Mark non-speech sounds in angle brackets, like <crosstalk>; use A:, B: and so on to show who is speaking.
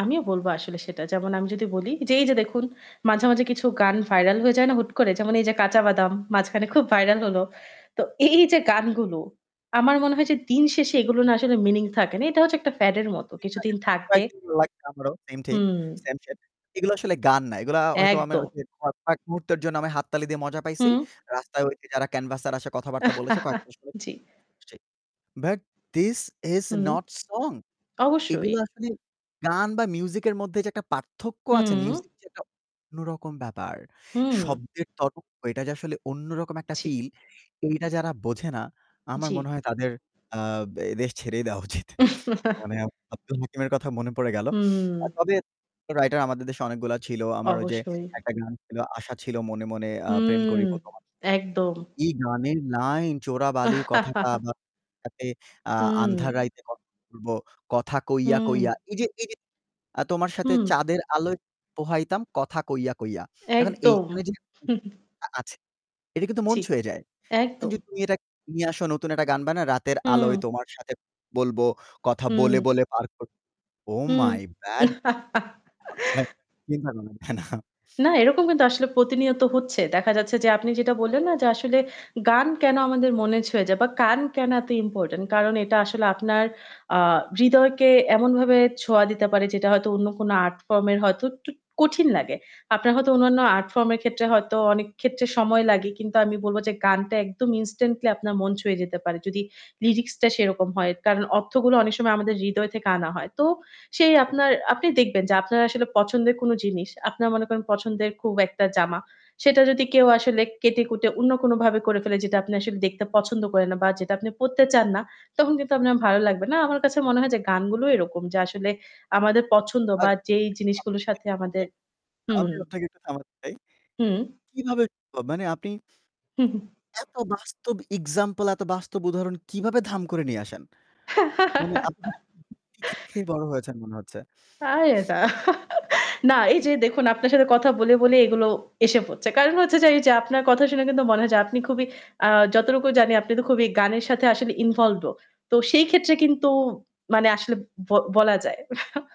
A: আমিও বলব আসলে সেটা। যেমন আমি যদি বলি যে এই যে দেখুন মাঝে, মাঝে কিছু গান ভাইরাল হয়ে যায় না হুট করে? যেমন এই যে 'কাঁচা বাদাম' মাঝখানে খুব ভাইরাল হলো। তো এই যে গানগুলো আমার মনে হয় যে দিন শেষে এগুলো না আসলে মিনিং থাকে না। এটা হচ্ছে একটা প্যাড এর মত। কিছুদিন
B: <unintelligible>
A: থাকবে
B: লাইক, লাইক আমারও মেইনটেইন
A: হুম।
B: সানসেট এগুলো আসলে গান না এগুলা আ হয়তো আমার
A: একদম।
B: ক কয়েক মুহূর্তের জন্য আমি হাততালি দিয়ে মজা পাইছি।
A: হুম
B: রাস্তায় ওই যে যারা ক্যানভাসের আশায় কথাবার্তা বলেছে কয়েক
A: <chuckles>
B: মাস পরে
A: জ্বি।
B: <unintelligible> But this is
A: hmm
B: not song
A: অবশ্যই।
B: এগুলো আসলে গান বা মিউজিক এর মধ্যে যে একটা পার্থক্য আছে,
A: হুম।
B: মিউজিক যেটা অন্যরকম ব্যাপার।
A: হু।
B: শব্দের তরঙ্গ এটা যে আসলে অন্যরকম একটা
A: ঠিক।
B: ফিল এটা যারা বোঝে না আমার
A: জ্বি।
B: মনে হয় তাদের আ এই দেশ ছেড়েই দেওয়া উচিত। মানে
A: <chuckles>
B: আব্দুল হাকিমের কথা মনে পড়ে গেল।
A: হুম।
B: আ তবে রাইটার আমাদের দেশে অনেকগুলা ছিল। আমার ওই যে
A: অবশ্যই।
B: একটা গান ছিল আশা ছিল মনে মনে আ প্রেম
A: হুম
B: করিবো তোমার।
A: একদম।
B: এই গানের লাইন চোরা বালির কথাটা বা
A: <chuckles>
B: তাতে আ
A: হুম।
B: আন্ধার রাইতে কথা বলবো কথা কইয়া,
A: হুম।
B: কইয়া এই যে এই যে আ তোমার সাথে
A: হুম।
B: চাঁদের আলোয় পোহাইতাম কথা কইয়া, কইয়া এখন
A: একদম।
B: এইখানে যদি <unintelligible>
A: <chuckles>
B: আছে এটা কিন্তু মন
A: জ্বি,
B: ছুঁয়ে যায়। এখন
A: একদম।
B: যদি <unintelligible> নিয়ে আসো নতুন একটা গান বানাই রাতের আলোয়
A: হম।
B: তোমার সাথে বলবো কথা বলে
A: হুম।
B: বলে পার করব ওহ
A: হুম
B: মাই
A: <laughs>
B: ব্যাড চিন্তা কর না না।
A: না এরকম কিন্তু আসলে প্রতিনিয়ত হচ্ছে। দেখা যাচ্ছে যে আপনি যেটা বললেন না? যে আসলে গান কেন আমাদের মনে ছুঁয়ে যায় বা গান কেন এত ইম্পরট্যান্ট কারণ এটা আসলে আপনার আ হৃদয়কে এমন ভাবে ছোঁয়া দিতে পারে যেটা হয়তো অন্য কোন আর্ট ফর্ম এর হয়তো একটু কঠিন লাগে। আপনার হয়তো অন্যান্য আর্ট ফর্ম এর ক্ষেত্রে হয়তো অনেক ক্ষেত্রে সময় লাগে। কিন্তু আমি বলব যে গানটা একদম ইনস্ট্যান্টলি আপনার মন ছুঁয়ে যেতে পারে। যদি লিরিক্স টা সেরকম হয়। কারণ অর্থগুলো অনেক সময় আমাদের হৃদয় থেকে আনা হয়। তো সেই আপনার আপনি দেখবেন যে আপনার আসলে পছন্দের কোন জিনিস। আপনারা মনে করেন পছন্দের খুব একটা জামা। <breath> সেটা যদি কেউ আসলে কেটে-কুটে অন্য কোনভাবে করে ফেলে যেটা আপনি আসলে দেখতে পছন্দ করেন না বা যেটা আপনি পড়তে চান না, তখন কিন্তু আপনার ভালো লাগবে না। আমার কাছে মনে হয় যে গানগুলো এরকম যে আসলে আমাদের পছন্দ বা যেই
B: <unintelligible>
A: জিনিসগুলোর সাথে আমাদের
B: আমি
A: হুম।
B: আপনাকে একটু থামাতে চাই।
A: হুম।
B: কিভাবে সম্ভব মানে আপনি
A: হু, হু।
B: এত বাস্তব এক্সাম্পল এত বাস্তব উদাহরণ কিভাবে ধাম করে নিয়ে আসেন। মানে আপনি কি <unintelligible> খেয়ে খেয়ে
A: <laughs>
B: বড় হয়েছেন মনে হচ্ছে।
A: আরে না না এই যে দেখুন আপনার সাথে কথা বলে বলে এগুলো এসে পড়ছে। কারণ হচ্ছে যে এই যে আপনার কথা শুনে কিন্তু মনে হয় যায়। আপনি খুবই আ যতটুকু জানি আপনি তো খুবই গানের সাথে আসলে ইনভলভড ও। তো সেই ক্ষেত্রে কিন্তু মানে আসলে ব বলা যায়। <chuckles>